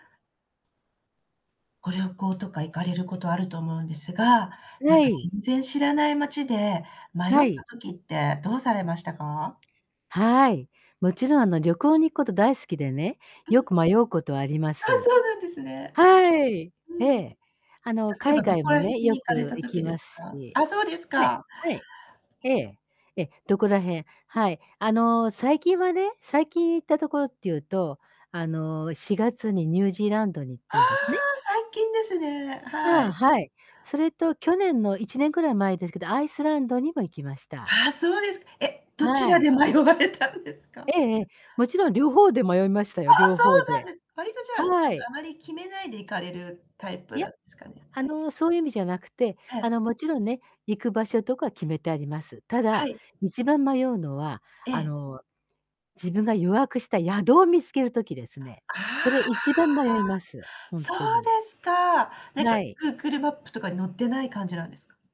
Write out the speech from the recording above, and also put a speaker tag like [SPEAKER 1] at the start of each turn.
[SPEAKER 1] ご旅行とか行かれることあると思うんですが、なん
[SPEAKER 2] は
[SPEAKER 1] か、
[SPEAKER 2] い。
[SPEAKER 1] 全然知らない街で迷っ
[SPEAKER 2] は
[SPEAKER 1] た
[SPEAKER 2] い。
[SPEAKER 1] 時ってどうされましたか？
[SPEAKER 2] はい、もちろんあの、旅行に行くこと大好きでね、
[SPEAKER 1] う
[SPEAKER 2] よ
[SPEAKER 1] ん。
[SPEAKER 2] く迷うことありま
[SPEAKER 1] ああ、
[SPEAKER 2] す。
[SPEAKER 1] そうなんですね。
[SPEAKER 2] はい。
[SPEAKER 1] う
[SPEAKER 2] え
[SPEAKER 1] ん。
[SPEAKER 2] え。あの、
[SPEAKER 1] 例え
[SPEAKER 2] 海
[SPEAKER 1] ばど
[SPEAKER 2] 外
[SPEAKER 1] こ
[SPEAKER 2] も
[SPEAKER 1] ら辺
[SPEAKER 2] ね、
[SPEAKER 1] に
[SPEAKER 2] よ
[SPEAKER 1] 行かれ
[SPEAKER 2] く
[SPEAKER 1] た
[SPEAKER 2] 行き
[SPEAKER 1] 時です
[SPEAKER 2] ます
[SPEAKER 1] か？
[SPEAKER 2] し。
[SPEAKER 1] あ、そうです
[SPEAKER 2] はい。
[SPEAKER 1] か。
[SPEAKER 2] はい。ええ。ええ、どこら辺はい、あの、最近はね、最近行ったところっていうと、あの、4月にニュージーランドに行っ
[SPEAKER 1] ああ、
[SPEAKER 2] たんですね。
[SPEAKER 1] 最近ですね、は
[SPEAKER 2] ああ、
[SPEAKER 1] い。
[SPEAKER 2] はい。それと、去年の1年ぐらい前ですけど、アイスランドにも行きました。
[SPEAKER 1] ああ、そうですか。え、どち
[SPEAKER 2] は
[SPEAKER 1] ら
[SPEAKER 2] い。
[SPEAKER 1] で迷われたんです
[SPEAKER 2] え
[SPEAKER 1] か？
[SPEAKER 2] えええ、もちろん両方で迷いました
[SPEAKER 1] あ
[SPEAKER 2] よ、
[SPEAKER 1] あ、
[SPEAKER 2] 両
[SPEAKER 1] そ
[SPEAKER 2] 方
[SPEAKER 1] う
[SPEAKER 2] で。
[SPEAKER 1] なんです。割とじゃあ、あ
[SPEAKER 2] は
[SPEAKER 1] の
[SPEAKER 2] い。
[SPEAKER 1] あまり決めないで行かれるタイプ
[SPEAKER 2] い
[SPEAKER 1] な
[SPEAKER 2] や、
[SPEAKER 1] んですかね？
[SPEAKER 2] ああの、そういう意味じゃなくて、
[SPEAKER 1] は
[SPEAKER 2] あの、
[SPEAKER 1] い。
[SPEAKER 2] もちろんね、行く場所とか決めてあります。た
[SPEAKER 1] は
[SPEAKER 2] だ、
[SPEAKER 1] い。
[SPEAKER 2] 一番迷うのは、
[SPEAKER 1] え
[SPEAKER 2] あ
[SPEAKER 1] え。
[SPEAKER 2] の、自分が予約した宿を見つける時ですね。
[SPEAKER 1] あ
[SPEAKER 2] それ
[SPEAKER 1] あ。
[SPEAKER 2] 一番迷います、ほん
[SPEAKER 1] そ
[SPEAKER 2] と
[SPEAKER 1] う
[SPEAKER 2] に。
[SPEAKER 1] ですか。なんか、
[SPEAKER 2] はい。
[SPEAKER 1] グーグルマップとかに載ってない感じなんですか？